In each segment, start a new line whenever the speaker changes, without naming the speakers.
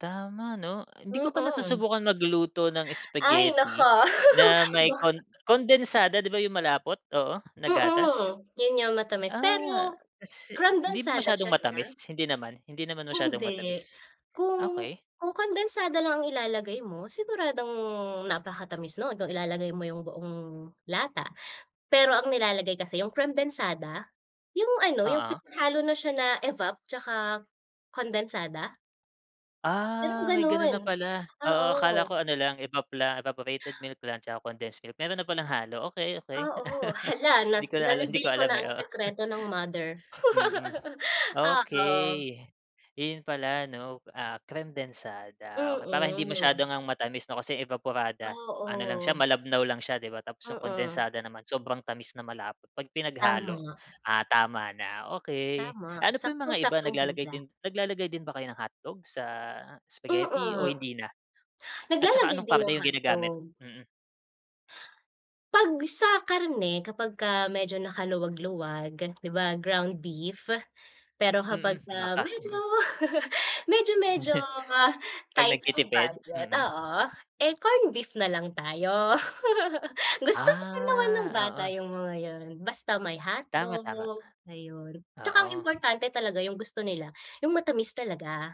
Tama 'no. Hindi ko pa
Mm.
nasusubukan magluto ng
Ay naku.
spaghetti na may
Ba
kon kondensada, 'di ba, yung malapot, oo, na gatas?
Mm. Yun yung matamis,
Ah,
pero
kasi hindi ba
Kremdensada
masyadong
siya ah?
matamis? Hindi naman hindi naman masyadong
Hindi.
matamis?
Kung
Okey.
kung kondensada lang ang ilalagay mo, siguradong napakatamis no'n, kung ilalagay mo yung buong lata. Pero ang nilalagay kasi yung kremdensada, yung ano, yung
Oo.
pinaghalo na siya na evap tsaka kondensada. Merong
Ah, may gano'n
gano'n,
na pala. Oo akala
oo.
ko ano lang, evap lang evaporated milk lang tsaka condensed milk, meron na palang halo. Okey okey.
Oo. Hala, na
Hindi ko na ala hindi ko
na-reveal ko
alam
na
eh,
ang
oo.
sekreto ng mother.
Mm. Okey.
Oo.
Iyon pala ano, ah, kremdensada. Okay, para hindi
Mm.
masyado ngang matamis 'no, kasi 'yung evaporada ano lang siya,
Oo.
malabnaw lang siya, di ba? Tapos yung
Mm.
kondensada naman sobrang tamis na malapot, 'pag pinaghalo,
Tama.
ah, tama na, okey.
Tama,
Ano pa yung mga iba
saktong-saktong
naglalagay
timpla.
din naglalagay din ba kayo ng hotdogs sa spaghetti o
Mm.
hindi na? At tsaka
Naglalagay
anong
din ng
karne yung ginagamit?
hotdog.
Mm.
'Pag sa karne kapagka medyo nakaluwag-luwag, 'di ba ground beef. Pero
Mm,
kapagka
baka.
medyo
Mhm.
medyo-medyo
'Pag
tight ang
nagtitipid?
budget
Mm.
oo, eh corned beef na lang tayo. Gusto pa din naman ng
Ah,
bata
oo.
yung mga yun, basta may
Tama,
hotdog,
tama.
ayun. Tsaka ang
Oo.
importante talaga yung gusto nila, yung matamis talaga.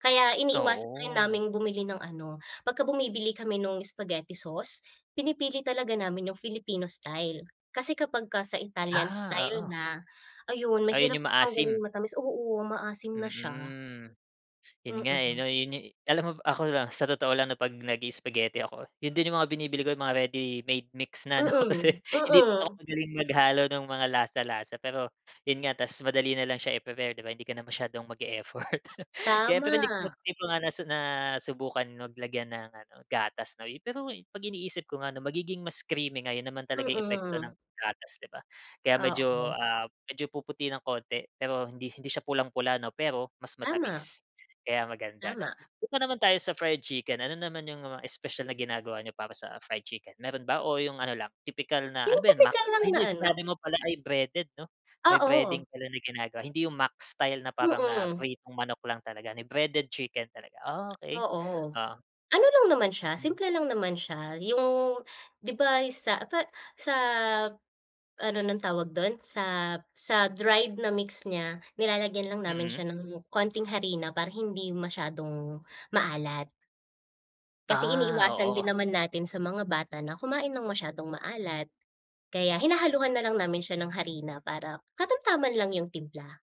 Kaya iniiwasan rin
Oo.
naming bumili ng ano pagka bumibili kami nung spaghetti sauce, pinipili talaga namin yung Filipino style. Kasi kapagka sa Italian
Ah,
style
oo.
na, ayun,
Ayun
mahirap
yung
siyang gawing
maasim?
matamis, oo. Maasim na siya.
Mm. 'Yun nga eh
Mm.
'no, yun yu alam mo ba ako lang sa totoo lang 'no, 'pag nagi-spaghetti ako, yun din yung mga binibili ko, yung mga ready-made mix na ano, kasi
Mm,
hindi din ako
mm.
magaling maghalo nung mga lasa lasa, pero yun nga, ta's madali nalang siya i-prepare, 'di ba hindi ka na masyadong mag-e-effort. Kaya pero hindi ko nga
Tama.
'di ko nga nas nasubukan mag lagyan ng ano gatas 'no, eh. Pero 'pag iniisip ko nga 'no, magiging mas creamy nga, 'yon naman talagang epekto
Mm.
ng gatas, 'di ba? Kaya medyo,
Oo.
ah, medyo puputi ng konti, pero hindi hindi siya pulang-pula 'no, pero mas
Tama.
matamis. Kaya maganda 'no?
Tama.
Punta naman tayo sa fried chicken, ano naman yung mga espesyal na ginagawa niyo para sa fried chicken? Meron ba o yung ano lang tipikal na ano
Yung
ba yun
tipikal
Max?
lang
Ay
na
hindi
ano.
sinabi mo pala ay breaded 'no? May breading
Oo.
pala na ginagawa, hindi yung max style na parang, ah,
hm.
pritong manok lang talaga, ni breaded chicken talaga. Okey.
Oo.
oo.
Ano lang naman siya,
Hmm.
simple lang naman siya. Yung, 'di ba yun sa pa sa ano ng tawag don sa sa dried na mix niya, nilalagyan lang namin
Mm.
siya ng konting harina para hindi masyadong maalat. Kasi
Ah,
iniiwasan
oo.
din naman natin sa mga bata na kumain ng masyadong maalat. Kaya hinahaluhan na lang namin siya ng harina para katamtaman lang yung timpla.